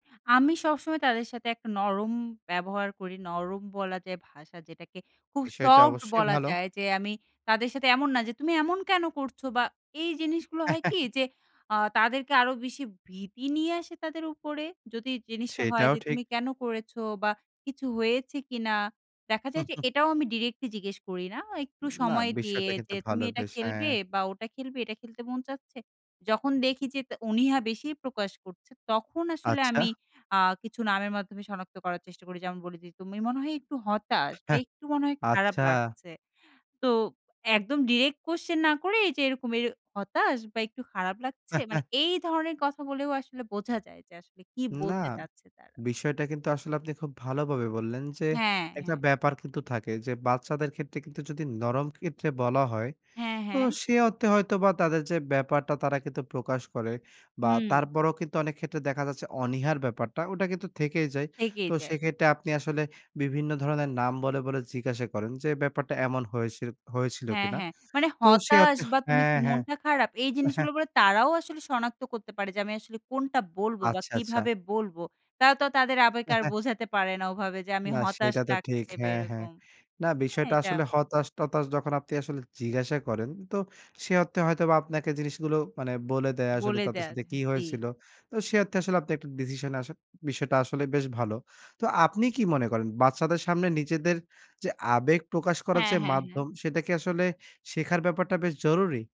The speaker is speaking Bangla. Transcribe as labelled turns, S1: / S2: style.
S1: আমি সবসময় তাদের সাথে একটা নরম ব্যবহার করি। নরম বলা যায় ভাষা যেটাকে খুব
S2: বিষয়টা
S1: সফট
S2: অবশ্যই
S1: বলা
S2: ভালো।
S1: যায়, যে আমি তাদের সাথে এমন না যে, "তুমি এমন কেন করছো?" বা এই জিনিসগুলো হয় কি, যে আ তাদেরকে আরো বেশি ভীতি নিয়ে আসে তাদের উপরে। যদি জিনিসটা হয়
S2: সেটাও
S1: যে
S2: ঠিক।
S1: তুমি কেন করেছো? বা কিছু হয়েছে কিনা? দেখা যায় যে এটাও আমি ডিরেক্টলি জিজ্ঞেস করি না। একটু
S2: না
S1: সময় দিয়ে
S2: বিষয়টা কিন্তু
S1: যে, "তুমি
S2: ভালো
S1: এটা
S2: বেশ! হ্যাঁ।
S1: খেলবে? বা ওটা খেলবে? এটা খেলতে মন চাচ্ছে?" যখন দেখি যে তা অনিহা বেশি প্রকাশ করছে, তখন আসলে
S2: আচ্ছা।
S1: আমি আ কিছু নামের মাধ্যমে সনাক্ত করার চেষ্টা করি। যেমন, বলেদি "তুমি মনে হয় একটু হতাশ?" বা
S2: হাহ
S1: "একটু মনে হয় খারাপ
S2: আচ্ছা।
S1: লাগছে?" তো একদম ডিইরেক্ট কোয়েশ্চেন না করে, এইযে এরকম এ, "হতাশ?" বা "একটু খারাপ লাগছে?" মানে এই ধরনের কথা বলেও আসলে বোঝা যায়, যে আসলে কি
S2: না,
S1: বলতে চাচ্ছে তারা।
S2: বিষয়টা কিন্তু আসলে আপনি খুব ভালোভাবে বললেন যে,
S1: হ্যাঁ,
S2: একটা
S1: হ্যাঁ।
S2: ব্যাপার কিন্তু থাকে যে, বাচ্চাদের ক্ষেত্রে কিন্তু যদি নরম ক্ষেত্রে বলা হয়।
S1: হ্যাঁ,
S2: তো
S1: হ্যাঁ।
S2: সে অর্থে হয়তো বা তাদের যে ব্যাপারটা তারা কিন্তু প্রকাশ করে বা
S1: হুম।
S2: তারপরেও কিন্তু অনেক ক্ষেত্রে দেখা যাচ্ছে অনীহার ব্যাপারটা ওটা কিন্তু থেকেই যায়।
S1: এগিয়ে
S2: তো
S1: যায়।
S2: সেক্ষেত্রে আপনি আসলে বিভিন্ন ধরনের নাম বলে, বলে জিজ্ঞাসা করেন, যে ব্যাপারটা এমন হয়েছে, হয়েছিল
S1: হ্যাঁ,
S2: কিনা?
S1: হ্যাঁ, মানে
S2: তো সে
S1: হতাশ
S2: অর্থে
S1: বা তুমি
S2: হ্যাঁ,
S1: কি
S2: হ্যাঁ।
S1: মনটা খারাপ? এই জিনিসগুলা বলা তারাও আসলে সনাক্ত করতে পারে, যে আমি আসলে কোনটা বলব, বা
S2: আচ্ছা, আচ্ছা।
S1: কিভাবে বলব। তারা তো তাদের আবেগ আর বোঝাতে পারে না, ওভাবে, যে আমি
S2: না
S1: হতাশ
S2: সেটা তো ঠিক।
S1: লাগছে বা
S2: হ্যাঁ, হ্যাঁ।
S1: এরকম,
S2: না
S1: হ্যাঁ,
S2: বিষয়টা
S1: এটা।
S2: আসলে হতাশ-টতাশ যখন আপনি আসলে জিজ্ঞাসা করেন, তো সে অর্থে হয়তো আপনাকে জিনিসগুলো মানে বলে দেয় আসলে
S1: বলে
S2: তাদের
S1: দেন
S2: সাথে কি
S1: জি।
S2: হয়েছিল। তো সে অর্থে আসলে আপনি ১ টা ডিসিশনে আসেন। বিষয়টা আসলে বেশ ভালো। তো আপনি কি মনে করেন? বাচ্চাদের সামনে নিজেদের যে আবেগ প্রকাশ করার
S1: হ্যাঁ,
S2: যে
S1: হ্যাঁ, হ্যাঁ।
S2: মাধ্যম, সেটা কি আসলে শেখার ব্যাপারটা বেশ জরুরি?